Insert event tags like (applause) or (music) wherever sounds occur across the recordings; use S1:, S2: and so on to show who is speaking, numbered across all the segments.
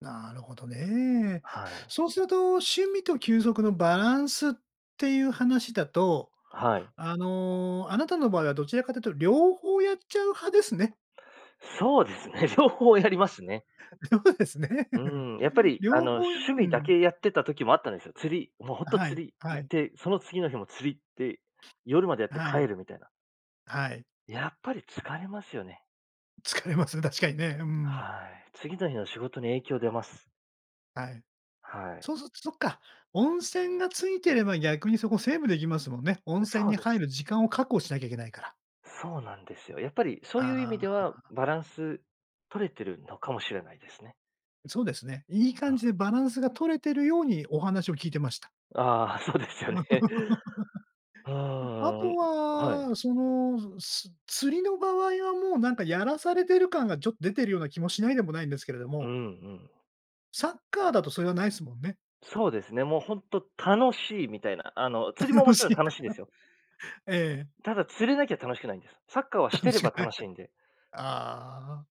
S1: なるほどね。
S2: はい。
S1: そうすると、趣味と休息のバランスっていう話だと、
S2: はい。
S1: あの、あなたの場合はどちらかというと両方やっちゃう派ですね。
S2: そうですね。両方やりますね。
S1: りょふですね。
S2: うん、やっぱ
S1: (laughs)
S2: り、あ
S1: 両
S2: の、
S1: 方やう
S2: 趣味だ
S1: ん。
S2: けやってた時もあったんですよ。釣りもう、ほん
S1: あ、
S2: と
S1: はい、
S2: 釣り
S1: は
S2: 行っ
S1: い。
S2: て、その次の日も釣り行って、夜までやっ
S1: あ、
S2: て
S1: はい。
S2: 帰るみたいな。
S1: はい。
S2: やっぱり疲れますよね。
S1: 疲れますね、確かにね。うん。
S2: はい。次の日の仕事に影響出ます。
S1: はい。
S2: は
S1: そ
S2: い。
S1: うすつそっか、温泉がついてれば逆にそこセーブできますもんね。温
S2: う
S1: 泉
S2: そう
S1: に
S2: で
S1: 入
S2: す。
S1: る時間を確保しなきゃいけないから。
S2: そうなんですよ。やっぱりそういう意味
S1: あ
S2: では
S1: あ。
S2: バランス取れてるのかもしれないですね。
S1: うそうですね。いい
S2: あ
S1: 感じ
S2: あ。
S1: でバランスが取れてるようにお話を聞いてました。
S2: ああ、そうです
S1: (laughs)
S2: よ
S1: うん、
S2: ね。あ
S1: あと
S2: あ、はい。
S1: は、その、ずす釣りの場合はもう、なんかやらされてる感がちょ出てるような気もしないでもないんですけれど
S2: うん
S1: も。
S2: うん。
S1: サッカーだとそれがないすもんね。
S2: そうですね、もう、ほんと楽しいみたいな。あの、釣りもも
S1: 楽
S2: ちろ
S1: しい
S2: ん
S1: ん
S2: 楽
S1: だ
S2: し
S1: か
S2: いですよ。
S1: ら。ええ。
S2: ただ釣れなきゃ楽しくないんです。サッカーはし
S1: 楽
S2: てれば
S1: しく
S2: 楽
S1: な。
S2: しいんで。
S1: (chuckles) ああ。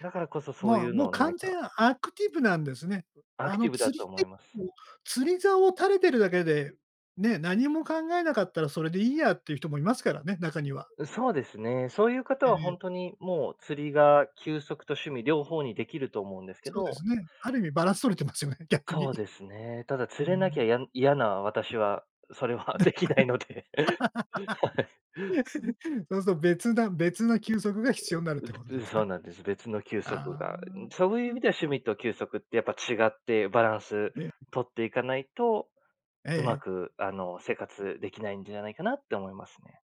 S2: だからこそ、そう
S1: ま
S2: い
S1: あ、
S2: う
S1: も
S2: の
S1: う
S2: を何
S1: 完
S2: か
S1: 全なアクティブなんですね。
S2: ア
S1: あ
S2: クテ
S1: の、
S2: ィブだ
S1: 釣
S2: と
S1: り
S2: 思
S1: 結
S2: います。
S1: 構、釣り竿を垂れてるだけで、うね、何も考えなかったらそれでいいやっていう人もいますからね、中には。
S2: うそうですね、そういう方
S1: ええ
S2: はほ
S1: ええ。
S2: んとに、もう釣りが休息と趣味両方にできると思うんですけ
S1: そうで
S2: ど。
S1: すね。ある意味バランス取れてますよね、
S2: う
S1: 逆に。い
S2: そうですね。ただ釣
S1: う
S2: れなきゃ
S1: ん。
S2: やん嫌な私はそれはできないので。はい。
S1: (laughs) そうすと別な別な休息が必要なるっ
S2: う
S1: てこ
S2: ぶ
S1: と
S2: う
S1: です
S2: そう
S1: ね。
S2: なんです。別の休息
S1: あ
S2: がいう
S1: あ。
S2: ん、そういう意
S1: うん。
S2: 味では趣味と休息ってやっぱ違って、バランス
S1: ね、うん。
S2: 取っていかないと、
S1: え
S2: うま
S1: え。
S2: く、あの、生活できないんじゃないかなって思いますね。